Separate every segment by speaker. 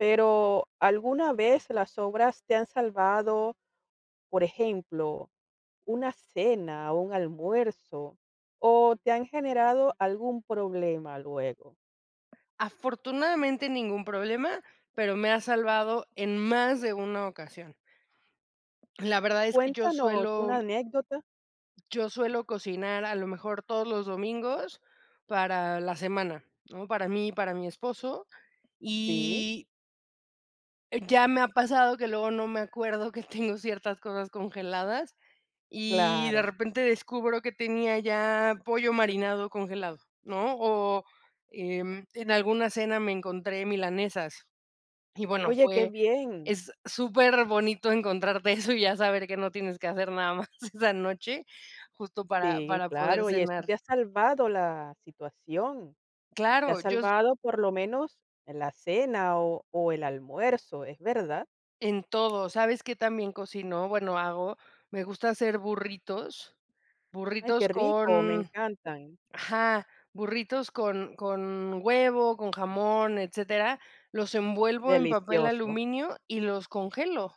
Speaker 1: Pero, ¿alguna vez las obras te han salvado, por ejemplo, una cena, un almuerzo, o te han generado algún problema luego?
Speaker 2: Afortunadamente ningún problema, pero me ha salvado en más de una ocasión. La verdad es que yo
Speaker 1: Cuéntanos
Speaker 2: suelo
Speaker 1: una anécdota.
Speaker 2: yo suelo cocinar, a lo mejor, todos los domingos para la semana, ¿no? Para mí y para mi esposo,
Speaker 1: Sí.
Speaker 2: y ya me ha pasado que luego no me acuerdo que tengo ciertas cosas congeladas, y de
Speaker 1: Claro.
Speaker 2: repente descubro que tenía ya pollo marinado congelado, ¿no? O en, en alguna cena me encontré milanesas. Y, bueno,
Speaker 1: Oye, qué
Speaker 2: fue,
Speaker 1: bien.
Speaker 2: es superbonito encontrarte eso, y ya saber que no tienes que hacer nada más esa noche, justo, para
Speaker 1: Sí,
Speaker 2: para poder
Speaker 1: claro, y eso
Speaker 2: cenar.
Speaker 1: te ha salvado la situación, te ha
Speaker 2: Claro, yo s
Speaker 1: salvado, por lo menos, la cena, o o el almuerzo, es verdad.
Speaker 2: en todo. ¿Sabes qué tan bien cocino?, bueno, hago. Me gusta hacer burritos,
Speaker 1: Ay,
Speaker 2: burritos
Speaker 1: qué rico, me
Speaker 2: con
Speaker 1: encantan.
Speaker 2: ajá, burritos con con huevo, con jamón, etcétera, los envuelvo en papel
Speaker 1: Delicioso.
Speaker 2: aluminio y los congelo.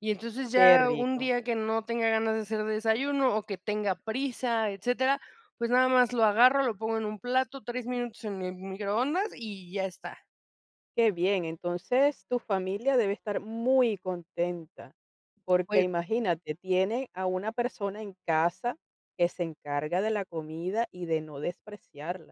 Speaker 2: Y entonces
Speaker 1: Qué
Speaker 2: ya un
Speaker 1: rico.
Speaker 2: día que no tenga ganas de hacer desayuno, o que tenga prisa, etcétera, pues, nada más lo agarro, lo pongo en un plato, 3 minutos en el mi microondas y ya está.
Speaker 1: Qué bien. Entonces, tu familia debe estar muy contenta, porque,
Speaker 2: Oye.
Speaker 1: imagínate, tiene a una persona en casa que se encarga de la comida, y de no despreciarla.